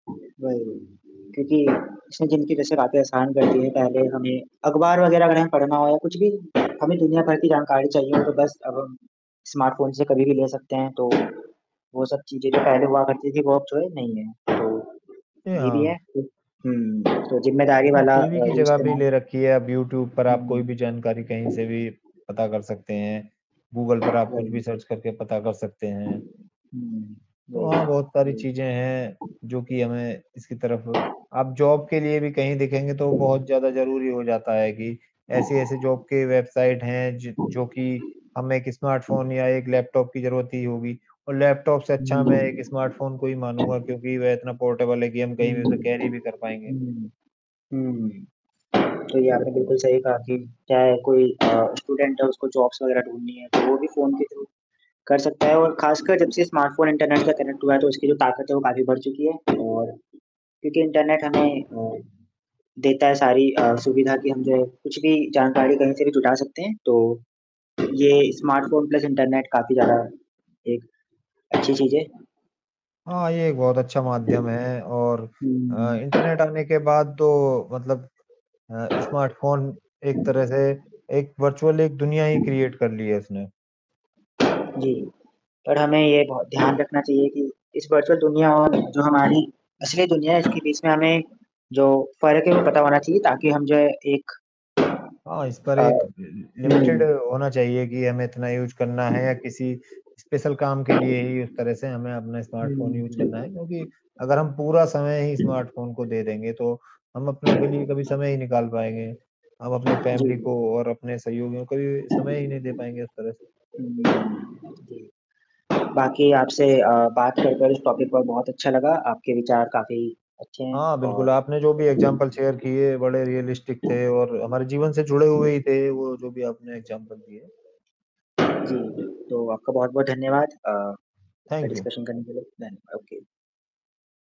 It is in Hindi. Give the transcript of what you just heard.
वही, क्योंकि इसनें जिनकी जैसे रातें आसान कर दी है, पहले हमें अखबार वगैरह अगर हमें पढ़ना हो, कुछ भी हमें दुनिया भर की जानकारी चाहिए हो, तो बस अब हम स्मार्टफ़ोन से कभी भी ले सकते हैं। तो, वो सब चीज़ें जो पहले हुआ करती थी, वो अब थोड़ी नहीं है, तो, ए ये अ भी है, उ हुँ, तो ज़िम्मेदारी इसने वाला टीवी अ, की जो जगह भी इस्तेमाल ले रखी है, अब यूट्यूब पर हुँ, आप कोई भी जानकारी कहीं से हुँ। भी पता कर सकते हैं। गूगल पर आप कुछ वही। भी सर्च करके पता कर सकते हैं। हुँ, तो वही, हाँ, बहुत पारी वही। चीज़ें हैं, जो कि हमें इसकी तरफ आप जॉब के लिए भी कहीं देखेंगे तो बहुत ज़्यादा ज़रूरी हो जाता है कि, ऐसी-ऐसी जॉब के वेबसाइट हैं ज जो कि हमें एक स्मार्टफ़ोन या एक लैपटॉप की ज़रूरत ही होगी। और लैपटॉप से अच्छा हुँ। मैं एक स्मार्टफ़ोन को ही मानूँगा क्योंकि वह इतना पोर्टेबल है कि हम कहीं हुँ, भी उसे कैरी भी कर पाएँगे। हुँ। हुँ, तो ये आपने बिल्कुल सही कहा कि चाहे कोई अ, स्टूडेंट है उसको जॉब्स वगैरह ढूँढनी है, तो वो भी फ़ोन के थ्रू कर सकता है और खासकर जब से स्मार्टफ़ोन इंटरनेट से कनेक्ट हुआ है तो उसकी जो ताकत है वो काफ़ी बढ़ चुकी है। और क्योंकि इंटरनेट हमें अ, देता है सारी अ, सुविधा कि हम जो है कुछ भी जानकारी कहीं से भी जुटा सकते हैं, तो ये स्मार्टफ़ोन प्लस इंटरनेट काफ़ी ज़्यादा एक अच्छी चीज़ है। हाँ, ये एक बहुत अच्छा हुँ, माध्यम है और अ, हुँ, हुँ। इंटरनेट आने के बाद तो मतलब अ, स्मार्टफ़ोन एक तरह से एक वर्चुअल एक दुनिया ही क्रिएट कर ली है इसने। जी। पर हमें ये बहो ध्यान रखना चाहिए कि इस वर्चुअल दुनिया और जो हमारी असली दुनिया है इसके बीच में हमें जो फ़र्क है, वो पता होना चाहिए ताकि हम जो है एक हाँ, इस पर अ, एक लि लिमिटेड हुँ। होना चाहिए कि हमें इतना यूज़ करना है या किसी स्पेशल काम के लिए ही उस तरह से हमें अपना हुँ, स्मार्टफ़ोन यूज़ करना है, हुँ। क्योंकि अगर हम पूरा समय ही स्मार्टफ़ोन को दे देंगे, तो हम अपनों के लिए कभी समय ही निकाल पाएँगे। हम अपनी जी, फैमिली को जी। और अपने सहयोगियों को कभी-भी समय ही नहीं दे पाएँगे उस तरह। हुँ, जी। बाकी आपसे अ, बात कर, कर इस टॉपिक पर बहुत अच्छा लगा। आपके विचार काफ़ी अच्छे हैं हाँ, बिल्कुल और आपने जो भी एग्ज़ाम्पल शेयर किए, बड़े रियलिस्टिक थे और हमारे जीवन से जुड़े हुए ही थे वो जो भी आपने एग्ज़ाम्पल दिए। जी, तो आपका बहुत-बहुत धन्यवाद अ, इसका थैंक यू। डिस्कशन करने के लिए धन्यवा ओके।